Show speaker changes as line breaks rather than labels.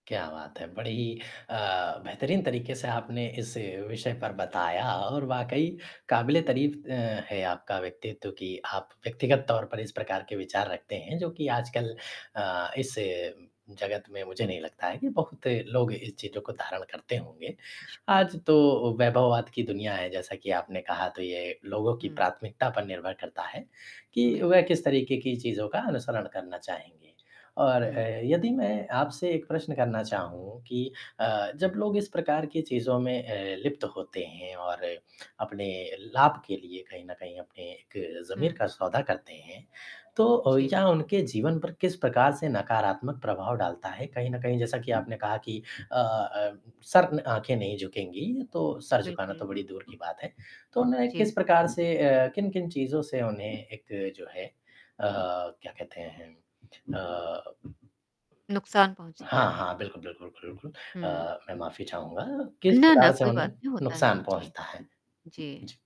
क्या बात है! बड़ी अ, बेहतरीन तरीके से आपने इस विषय पर बताया और वाक़ई काबिले तारीफ़ अ, है आपका व्यक्तित्व कि आप व्यक्तिगत तौर पर इस प्रकार के विचार रखते हैं जो कि आजकल अ, इस जगत में मुझे नहीं लगता है कि बहुत लोग इन चीज़ों को धारण करते होंगे,
शुक्रिया।
आज तो वैभवात की दुनिया है, जैसा कि आपने कहा तो ये लोगों की
हुँ।
प्राथमिकता पर निर्भर करता है कि वह
बिल्कुल।
किस तरीके की चीज़ों का अनुसरण करना चाहेंगे और अ,
हुँ।
यदि मैं आपसे एक प्रश्न करना चाहूँ कि अ, जब लोग इस प्रकार की चीज़ों में अ, लिप्त होते हैं और अपने लाभ के लिए कहीं न कहीं अपने एक ज़मीर
हुँ।
का सौदा करते हैं, तो अ,
जी।
यह उनके जीवन पर किस प्रकार से नकारात्मक प्रभाव डालता है? कहीं न कहीं जैसा कि आपने कहा कि अ अ, सर न आँखें नहीं झुकेंगी, तो सर झुकाना
बिल्कुल।
तो बड़ी दूर की बात है, तो उन्हें किस
जी।
प्रकार से अ, किन-किन चीज़ों से उन्हें एक जो है अ, क्या कहते हैं अम, अ
नुकसान पहुँचता है।
हाँ, हाँ। बिल्कुल, बिल्कुल, बिल्कुल।
हुँ।
अ, मैं माफ़ी चाहूँगा किस
ना, ना
प्रकार से
कोई बात
उन्हें
नहीं होता है।
नुकसान
जी।
पहुँचता है?
जी।
जी।